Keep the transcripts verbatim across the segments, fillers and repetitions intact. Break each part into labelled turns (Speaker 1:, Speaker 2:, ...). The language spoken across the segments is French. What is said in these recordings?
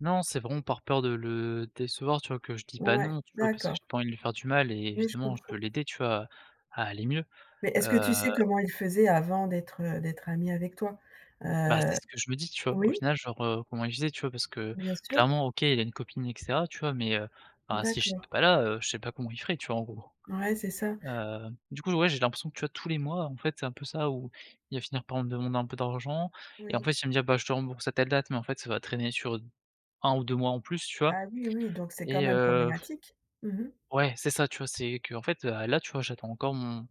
Speaker 1: Non, c'est vraiment par peur de le décevoir, tu vois? que je dis pas:
Speaker 2: Ouais,
Speaker 1: «Non» tu vois? Parce que
Speaker 2: d'accord.
Speaker 1: j'ai pas envie de lui faire du mal et
Speaker 2: Oui, je
Speaker 1: évidemment je
Speaker 2: comprends.
Speaker 1: peux l'aider, tu vois? À aller mieux,
Speaker 2: Mais est-ce que tu sais
Speaker 1: heu
Speaker 2: comment il faisait avant d'être, heu d'être ami avec toi,
Speaker 1: Bah, c'est
Speaker 2: heu
Speaker 1: ce que je me dis, tu vois? Au
Speaker 2: oui?
Speaker 1: final genre, heu, comment il faisait, tu vois? Parce que
Speaker 2: Bien sûr.
Speaker 1: clairement, OK, il a une copine et cetera, tu vois? Mais heu, bah si
Speaker 2: D'accord.
Speaker 1: j'étais pas là, heu, je sais pas comment il ferait, tu vois? En gros,
Speaker 2: Ouais, c'est ça.
Speaker 1: heu, du coup, ouais j'ai l'impression que, tu vois? Tous les mois en fait, c'est un peu ça. Où il va finir par me demander un peu d'argent et en
Speaker 2: Oui.
Speaker 1: fait, il va me dire: «Je te rembourse à telle date», mais en fait ça va traîner sur un ou deux mois en plus, tu vois?
Speaker 2: Ah oui, oui, donc c'est quand
Speaker 1: Et
Speaker 2: même
Speaker 1: heu,
Speaker 2: problématique. Mmh mh.
Speaker 1: ouais c'est ça, tu vois? C'est qu'en fait, heu, à là tu vois? J'attends encore mon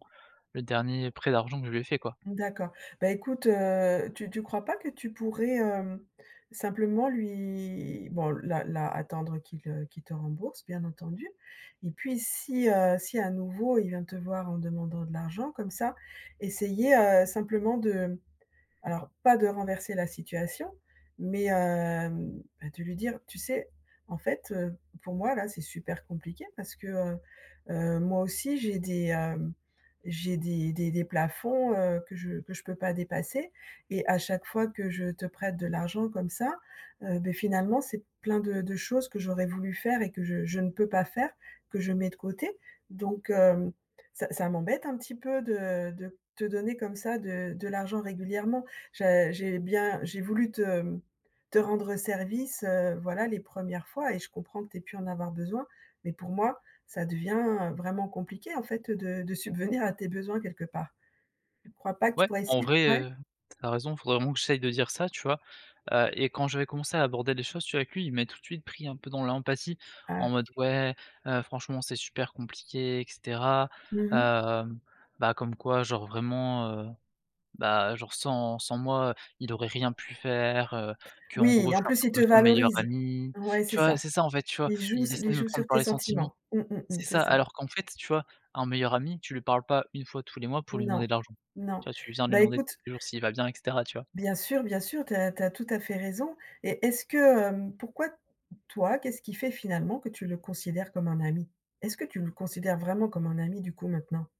Speaker 1: le dernier prêt d'argent que je lui ai fait, quoi.
Speaker 2: D'accord. Bah écoute, heu, tu tu crois pas que tu pourrais, heu, simplement lui bon là là attendre qu'il, heu qu'il te rembourse, bien entendu, et puis si, heu, si à nouveau, il vient te voir en demandant de l'argent, comme ça. Essayer, heu, simplement de alors pas de renverser la situation, mais heu, ben de lui dire: «Tu sais? en fait, heu, pour moi là, c'est super compliqué, parce que, heu heu, moi aussi, j'ai des, heu, j'ai des des des plafonds, heu, que je que je peux pas dépasser, et à chaque fois que je te prête de l'argent comme ça, heu, beh, finalement, c'est plein de de choses que j'aurais voulu faire et que je je ne peux pas faire, que je mets de côté. Donc heu, ça ça m'embête un petit peu de de te donner comme ça, de de l'argent régulièrement. Ja j'ai bien j'ai voulu te te rendre service, heu, voilà les premières fois et je comprends que tu aies pu en avoir besoin. Mais pour moi, ça devient vraiment compliqué en fait, heu, de de subvenir à tes besoins quelque part». Tu crois pas que tu
Speaker 1: Ouais
Speaker 2: pourrais
Speaker 1: en
Speaker 2: essay
Speaker 1: vrai,
Speaker 2: ouais?
Speaker 1: heu, tu as raison! Faudrait vraiment que j'essaye de dire ça tu vois? Heu et quand j'avais commencé à aborder les choses, tu vois? Avec lui. Il m'a tout de suite pris un peu dans l'empathie,
Speaker 2: Ah.
Speaker 1: en mode: «Ouais, heu, franchement c'est super compliqué et cetera,
Speaker 2: Mmh mh.
Speaker 1: heu» bah, comme quoi genre vraiment, heu, bah genre sans sans moi, il aurait rien pu faire, heu, qu'en gros,
Speaker 2: Oui,
Speaker 1: je
Speaker 2: en
Speaker 1: suis un
Speaker 2: plus,
Speaker 1: peu
Speaker 2: il te
Speaker 1: comme son meilleur
Speaker 2: valorise.
Speaker 1: ami,
Speaker 2: Ouais, c'est
Speaker 1: tu vois?
Speaker 2: ça.
Speaker 1: C'est ça, en fait, tu vois?
Speaker 2: Il joue
Speaker 1: Il
Speaker 2: s il
Speaker 1: essaye de me
Speaker 2: joue
Speaker 1: prendre
Speaker 2: sur
Speaker 1: par
Speaker 2: tes
Speaker 1: les sentiments.
Speaker 2: sentiments. Mmh mh mh.
Speaker 1: C'est
Speaker 2: C'est
Speaker 1: ça,
Speaker 2: ça.
Speaker 1: alors qu'en fait, tu vois? Un meilleur ami, tu lui parles pas une fois tous les mois, pour lui
Speaker 2: Non,
Speaker 1: demander de l'argent,
Speaker 2: non.
Speaker 1: tu vois? Tu viens lui
Speaker 2: Bah
Speaker 1: demander tous
Speaker 2: écoute
Speaker 1: les jours s'il va bien et cetera, tu vois?
Speaker 2: Bien sûr, bien sûr, tu as tu as tout à fait raison et est-ce que, heu pourquoi, toi, qu'est-ce qui fait finalement que tu le considères comme un ami? Est-ce que tu le considères vraiment comme un ami, du coup, maintenant?